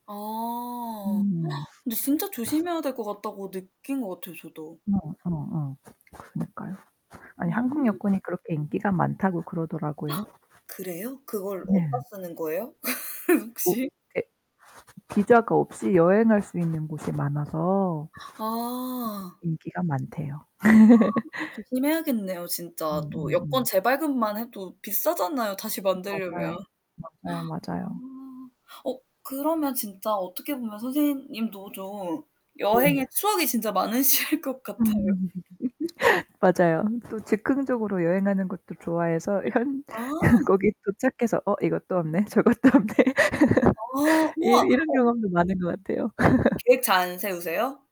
아. 음. 근데 진짜 조심해야 될 것 같다고 느낀 것 같아요 저도. 어 어 어. 그니까요. 아니 한국 음. 여권이 그렇게 인기가 많다고 그러더라고요. 그래요? 그걸 어디다 네. 쓰는 거예요 그 뭐 혹시? 예 비자가 없이 여행할 수 있는 곳이 많아서 아. 인기가 많대요. 조심해야겠네요. 진짜 또 여권 음음음. 재발급만 해도 비싸잖아요 다시 맞아요. 만들려면. 맞아요, 아. 맞아요. 어 그러면 진짜 어떻게 보면 선생님도 좀 네. 여행의 추억이 진짜 많으실 것 같아요. 음. 맞아요. 또 즉흥적으로 여행하는 것도 좋아해서 현 아. 거기 도착해서 "어 이것도 없네. 저것도 없네." 아. 이 우와. 이런 어 경험도 많은 것 같아요. 약간 계획 잘 안 세우세요?